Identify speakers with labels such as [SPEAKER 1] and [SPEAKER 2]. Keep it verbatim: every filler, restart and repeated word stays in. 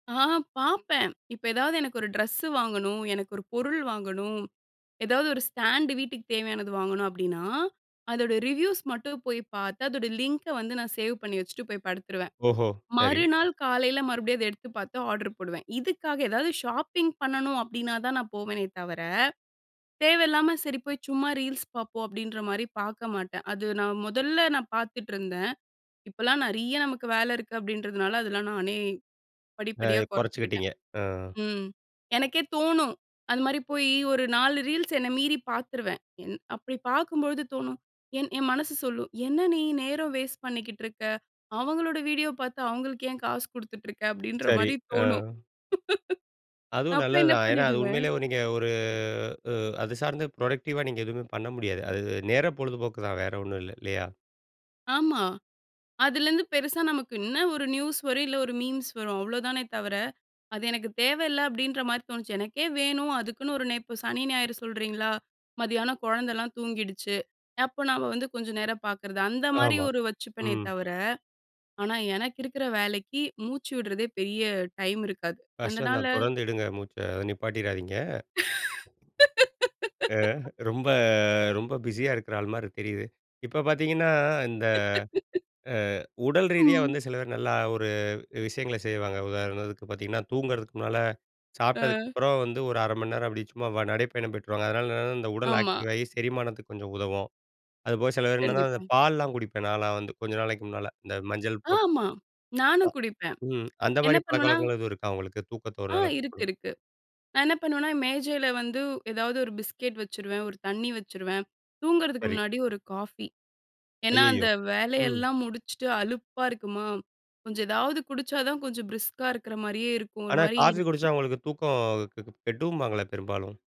[SPEAKER 1] ஆ, பாப்பேன். இப்ப ஏதாது எனக்கு ஒரு ட்ரெஸ்ஸு வாங்கணும், எனக்கு ஒரு பொருள் வாங்கணும், ஏதாது ஒரு ஸ்டாண்டு வீட்டுக்கு தேவையானது வாங்கணும் அப்டின்னா அதோட ரிவ்யூஸ் மட்டும் போய் பாத்து, அதோட லிங்க வந்து நான் சேவ் பண்ணி வச்சுட்டு போய் படுத்துருவேன்.
[SPEAKER 2] ஓஹோ. சரி.
[SPEAKER 1] மறுநாள் காலைல மறுபடியும் அத எடுத்து பாத்து ஆர்டர் போடுவேன். இதுக்காக ஏதாது ஷாப்பிங் பண்ணணு அப்டினா தான் நான் போவேனே தவர, தேவயில்லாம சரி போய் சும்மா ரீல்ஸ் பாப்போம் அப்படின்ற மாரி பாக்க மாட்டேன். அது நான் முதல்ல நான் பாத்துட்ருந்தேன். இப்போலா நறிய நமக்கு வேல இருக்கு அப்டின்றதுனால அதெல்லா நானே
[SPEAKER 2] அ
[SPEAKER 1] படிப்படியா குறைச்சுக்குட்டேன்.
[SPEAKER 2] குறச்சுக்கிட்டீங்க, அ.
[SPEAKER 1] ம். எனக்கே தோணும். அந்த மாரி போய் ஒரு நாலு ரீல்ஸ் என்ன மீறி பாத்துறுவேன். என் அப்டி பாக்கும் பொழுது தோன, என் என் மனசு சொல்லும், என்ன நீ நேரம் வேஸ்ட் பண்ணிக்கிட்டிருக்கா? அவங்கலோட வீடியோ பாத்து அவர்களுக்கு ஏன் காசு கொடுத்துட்ருக்கா? அப்டின்ற
[SPEAKER 2] சரி.
[SPEAKER 1] மாரி
[SPEAKER 2] அ.
[SPEAKER 1] தோணும்.
[SPEAKER 2] அதுவும்
[SPEAKER 1] அப்ப என்ன
[SPEAKER 2] நல்லதுதான். ஏன்னா அது
[SPEAKER 1] பண்ணிடுவேன்?
[SPEAKER 2] உண்மையிலேயே நீங்க ஒரு உ அது சார்ந்து ப்ரொடெக்டிவா நீங்க எதுவுமே பண்ண முடியாது. அது அ நேர பொழுதுபோக்கு தான் வேறு ஒன்னும் இல்ல, இல்லையா?
[SPEAKER 1] ஆமா. அதுலந்து பெருசா நமக்கு, என்ன ஒரு நியூஸ் வரும், இல்ல ஒரு மீம்ஸ் வரும். அவ்ளோதானே தவர, அது எனக்கு தேவயில்ல அப்டின்ற மாரி தோணுச்சு எனக்கே வேணு அதுக்குன்னு ஒரு நே இப்போ சனி ஞாயிறு சொல்கிறீங்களா மதியான குழந்தலாம் தூங்கிடுச்சு அப்போ நாம வந்து கொஞ்ச நேரம் பாக்கறது அந்த மாரி
[SPEAKER 2] ஆமா,
[SPEAKER 1] ஒரு வச்சுப்பேனே
[SPEAKER 2] ம்.
[SPEAKER 1] தவர. ஆனா எனக்கு இருக்குற வேலைக்கு மூச்சு விடுறதே பெரிய டைம் இருக்காது
[SPEAKER 2] கஷ்டம்
[SPEAKER 1] அதனால.
[SPEAKER 2] தான். தொடர்ந்து எடுங்க மூச்ச, நிப்பாட்டிடாதீங்க. அ ரொம்ப ரொம்ப பிஸியா இருக்குற ஆள் மாரி தெரியுது. இப்ப பாத்தீங்கன்னா, இந்த அ உடல் ரீதியா
[SPEAKER 1] ம்.
[SPEAKER 2] வந்து சிலதூ நல்லா ஒரு விஷயங்கள செய்வாங்க. உதாரணத்துக்கு பாத்தீங்கன்னா தூங்குறதுக்கு முன்னால
[SPEAKER 1] ஆ.
[SPEAKER 2] சாப்புட்டதுக்கப்றோ வந்து ஒரு அர மணி நேரம் அப்டி சும்மா நடைப்பயணம் போய்ட்டு வருவாங்க. அதனால என்னன்னா இந்த உடல்
[SPEAKER 1] ஆமா.
[SPEAKER 2] ஆக்டிவ் ஆகி செரிமானத்துக்கு கொஞ்சம் உதவும். அதுபோக, சில பேர் என்னென்னா அந்த
[SPEAKER 1] கண்டிப்பா.
[SPEAKER 2] பால்லலாம் குடிப்பேன் நாலாம் வந்து கொஞ்ச நாளைக்கு முன்னால, இந்த மஞ்சள் போட்டு,
[SPEAKER 1] ஆமா. நானு
[SPEAKER 2] அ.
[SPEAKER 1] குடிப்பேன்.
[SPEAKER 2] ம் அந்த
[SPEAKER 1] என்ன
[SPEAKER 2] மாரி
[SPEAKER 1] பண்ணுவனா?
[SPEAKER 2] பழக்கவழக்கங்கள் எதுவும் இருக்கா உங்களுக்கு தூக்கத்த
[SPEAKER 1] ஆ,
[SPEAKER 2] ஒரு
[SPEAKER 1] இருக்கு,
[SPEAKER 2] [unintelligible]
[SPEAKER 1] இருக்கு. நான் என்ன பண்ணுவனா, மேஜையில வந்து ஏதாது ஒரு பிஸ்கெட் வச்சுருவேன, ஒரு தண்ணி வச்சுருவேன். தூங்குறதுக்கு
[SPEAKER 2] சரி.
[SPEAKER 1] முன்னாடி ஒரு காஃபி. ஏன்னா அந்த
[SPEAKER 2] அய்யய்யோ! ம்.
[SPEAKER 1] வேலையெல்லாம் முடிச்சுட்டு அலுப்பா இருக்குமா கொஞ்ச எதாது குடிச்சா தான் கொஞ்ச பிரிஸ்கா இருக்கிற மாரியே இருக்கும். ஒரு
[SPEAKER 2] ஆனா
[SPEAKER 1] மாரி
[SPEAKER 2] காஃபி
[SPEAKER 1] இருக்கும்.
[SPEAKER 2] குடிச்சா உங்களுக்கு தூக்கம் கெட்டுபாங்களே பெரும்பாலும்.